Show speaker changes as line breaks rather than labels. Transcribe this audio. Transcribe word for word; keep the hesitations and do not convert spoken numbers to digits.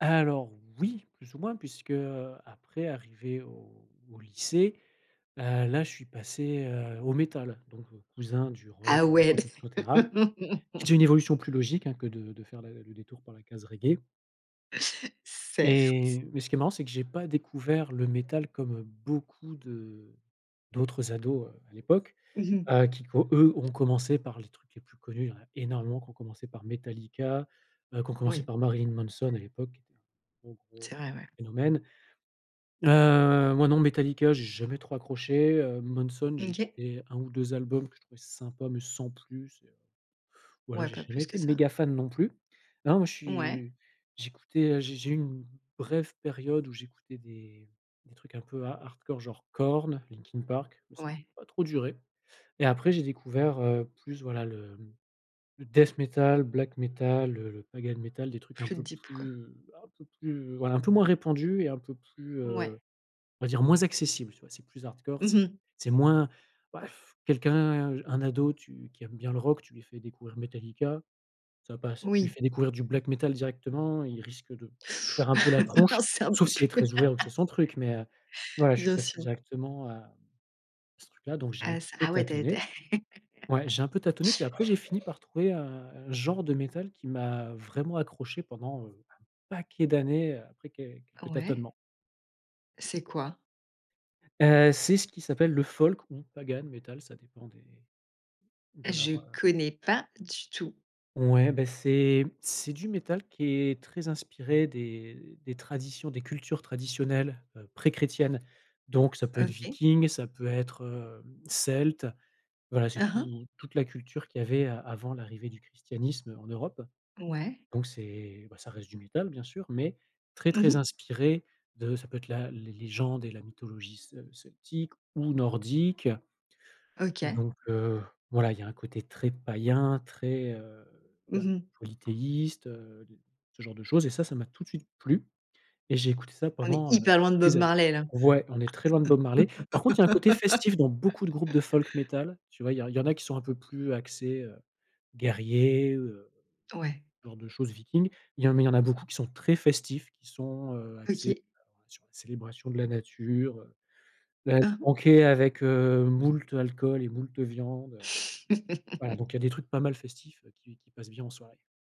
Alors oui, plus ou moins, puisque, heu, après arriver au au lycée, heu, là, je suis passé, heu, au métal, donc cousin du
Ah,
rock, hard
ouais.
rock, et cetera. C'est une évolution plus logique, hein, que de de faire le détour par la case reggae
Certes.
et mais ce qui est marrant c'est que j'ai pas découvert le métal comme beaucoup de d'autres ados, heu, à l'époque,
Mmh mh.
heu, qui co eux ont commencé par les trucs les plus connus, il y en a énormément qui ont commencé par Metallica, il y en a qui ont commencé
Oui.
par Marilyn Manson à l'époque qui était un gros gros,
C'est
heu,
vrai, ouais.
phénomène heu, moi non Metallica j'ai jamais trop accroché, heu, Manson j'ai
OK.
écouté un ou deux albums que je trouvais sympa mais sans plus et heu, voilà
Ouais,
j'ai
pas
jamais
plus que
été
ça.
méga fan non plus. Non moi je
Ouais.
suis, j'écoutais, heu, j'ai j'ai eu une brève période où j'écoutais des des trucs un peu ha hardcore genre Korn, Linkin Park, mais ça a
Ouais.
pas trop duré et après j'ai découvert, heu, plus voilà le le death metal, black metal, le le pagan metal, des trucs un
Plus,
peu un
deep, quoi.
plus un peu plus, voilà un peu moins répandus et un peu plus,
Ouais.
heu, on va dire moins accessible. Tu vois c'est plus hardcore
Mmh
c'est
mh.
c'est moins bah et quelqu'un, un ado tu qui aime bien le rock tu lui fais découvrir Metallica ça passe. Tu lui
Oui.
fais découvrir du black metal directement, il risque de faire un peu la
Ah,
tronche,
c'est un
sauf
peu
s'il est
plus
très ouvert ou que c'est son truc mais heu, voilà je suis
bien
passé
sûr.
directement à ce truc là, donc j'ai un
Ah,
petit
ça
peu
ah ouais, tu as été
tâtonné. Ouais j'ai un peu tâtonné, puis après j'ai fini par trouver un un genre de métal qui m'a vraiment accroché pendant, heu, un paquet d'années, après quel quelques
Ouais.
tâtonnements.
C'est quoi?
Heu, c'est ce qui s'appelle le folk, ou pagan métal, ça dépend des de leur,
Je
heu
connais pas du tout.
Ouais beh c'est c'est du métal qui est très inspiré des des traditions, des cultures traditionnelles, heu, préchrétiennes, donc ça peut être
OK.
viking, ça peut être, hem, celte, voilà c'est
Hein, hein.
tout toute la culture qu'il y avait avant l'arrivée du christianisme en Europe,
Ouais.
donc c'est, bah ça reste du métal bien sûr, mais très,
Mmh
très
mh.
inspiré de ça peut être la les légendes et la mythologie ce celtique ou nordique,
OK.
donc heu, voilà, il y a un côté très païen, très, heu,
Mmh
bah
mh.
polythéiste, heu, ce genre de choses et ça, ça m'a tout de suite plu et j'ai écouté ça
On est
pendant,
hyper
heu,
loin de Bob
des années.
Marley, là.
Ouais, on est très loin de Bob Marley. Par contre il y a un côté festif dans beaucoup de groupes de folk métal, tu vois? Il y a il y en a qui sont un peu plus axés, heu, guerriers, heu,
Ouais.
genre de choses vikings, il y en a mais il y en a beaucoup qui sont très festifs, qui sont, heu, axés
OK.
[unintelligible] célébration de la nature, beh le
Hein, hein.
banquet avec, heu, moult alcool et moult viande. Voilà, donc il y a des trucs pas mal festifs, heu, qui qui passent bien en soirée.